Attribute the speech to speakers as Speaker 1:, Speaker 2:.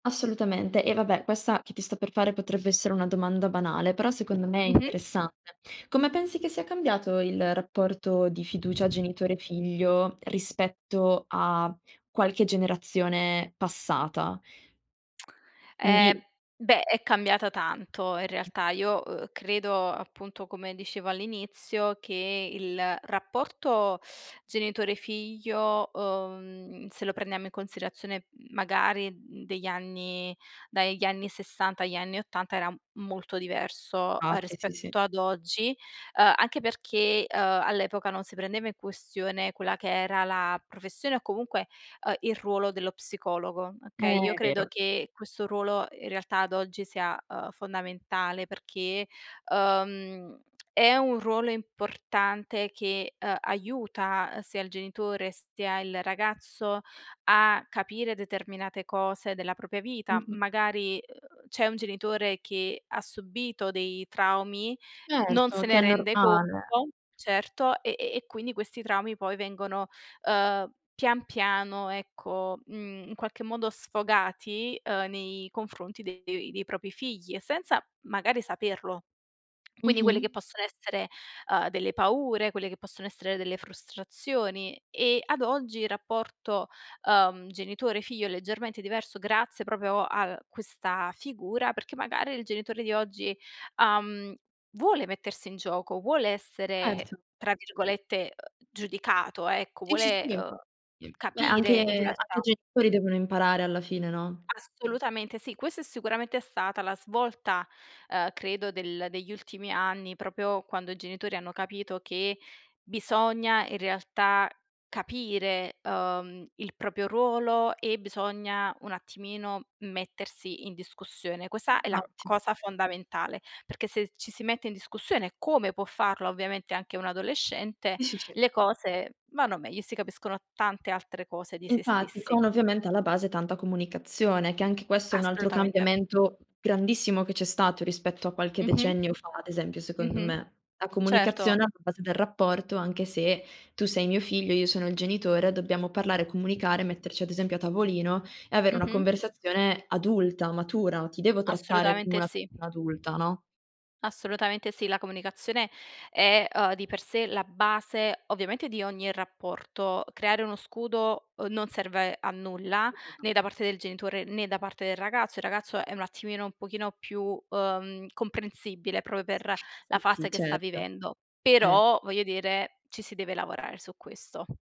Speaker 1: Assolutamente. E, vabbè, questa che ti sto per fare potrebbe essere una domanda banale, però secondo me è
Speaker 2: Mh-mh.
Speaker 1: interessante. Come pensi che sia cambiato il rapporto di fiducia genitore-figlio rispetto a qualche generazione passata?
Speaker 2: Eh,
Speaker 1: Quindi
Speaker 2: beh è cambiata tanto in realtà. Io uhm credo appunto come dicevo all'inizio che il rapporto genitore-figlio uhm, se lo prendiamo in considerazione magari degli anni dagli anni 60 agli anni 80 era molto diverso
Speaker 1: [unintelligible] sì, sì, sì.
Speaker 2: rispetto ad oggi, uhm anche perché uhm all'epoca non si prendeva in questione quella che era la professione o comunque uhm il ruolo dello psicologo, okay? Io
Speaker 1: Eh
Speaker 2: credo
Speaker 1: vero.
Speaker 2: che questo ruolo in realtà ad oggi sia uhm fondamentale perché uhm è un ruolo importante che uhm aiuta uhm sia il genitore sia il ragazzo a capire determinate cose della propria vita.
Speaker 1: Mh-mh.
Speaker 2: Magari uhm c'è un genitore che ha subito dei traumi, non se
Speaker 1: Certo, che
Speaker 2: ne
Speaker 1: è
Speaker 2: rende conto
Speaker 1: normale.
Speaker 2: certo e e e quindi questi traumi poi vengono uhm pian piano, ecco, mhmm in qualche modo sfogati uhm nei confronti dei dei propri figli e senza magari saperlo. Quindi quelle che
Speaker 1: Mh-mh.
Speaker 2: possono essere uhm delle paure, quelle che possono essere delle frustrazioni e ad oggi il rapporto uhm genitore-figlio è leggermente diverso grazie proprio a questa figura perché magari il genitore di oggi uhm vuole mettersi in gioco, vuole essere
Speaker 1: Certo.
Speaker 2: tra virgolette uhm giudicato, ecco,
Speaker 1: Sì, sì,
Speaker 2: vuole
Speaker 1: sì.
Speaker 2: uhm
Speaker 1: [unintelligible] beh
Speaker 2: capire
Speaker 1: anche
Speaker 2: in
Speaker 1: anche i
Speaker 2: realtà.
Speaker 1: genitori devono imparare alla fine, no?
Speaker 2: Assolutamente sì, questa è sicuramente stata la svolta, uhm credo del degli ultimi anni, proprio quando i genitori hanno capito che bisogna in realtà capire uhm il proprio ruolo e bisogna un attimino mettersi in discussione. Questa è la
Speaker 1: Incauti.
Speaker 2: cosa fondamentale, perché se ci si mette in discussione, come può farlo ovviamente anche un adolescente,
Speaker 1: Sì, sì, sì.
Speaker 2: le cose vanno meglio e si capiscono tante altre cose di se
Speaker 1: Infatti,
Speaker 2: stessi.
Speaker 1: con ovviamente alla base tanta comunicazione, che anche questo è un altro
Speaker 2: Assolutamente.
Speaker 1: cambiamento grandissimo che c'è stato rispetto a qualche
Speaker 2: Mh-mh.
Speaker 1: decennio fa, ad esempio, secondo
Speaker 2: Mh-mh.
Speaker 1: me. La comunicazione
Speaker 2: Certo.
Speaker 1: alla base del rapporto, anche se tu sei mio figlio, io sono il genitore, dobbiamo parlare, comunicare, metterci ad esempio a tavolino e avere una
Speaker 2: Mh-mh.
Speaker 1: conversazione adulta, matura, ti devo trattare come
Speaker 2: Assolutamente
Speaker 1: una
Speaker 2: sì.
Speaker 1: adulta, no?
Speaker 2: Assolutamente sì, la comunicazione è uhm di per sé la base ovviamente di ogni rapporto. Creare uno scudo uhm non serve a nulla né da parte del genitore né da parte del ragazzo. Il ragazzo è un attimino un pochino più uhm comprensibile proprio per
Speaker 1: Sì,
Speaker 2: la fase
Speaker 1: sì
Speaker 2: che sta
Speaker 1: certo,
Speaker 2: vivendo,
Speaker 1: eh.
Speaker 2: però, voglio dire, ci si deve lavorare su questo.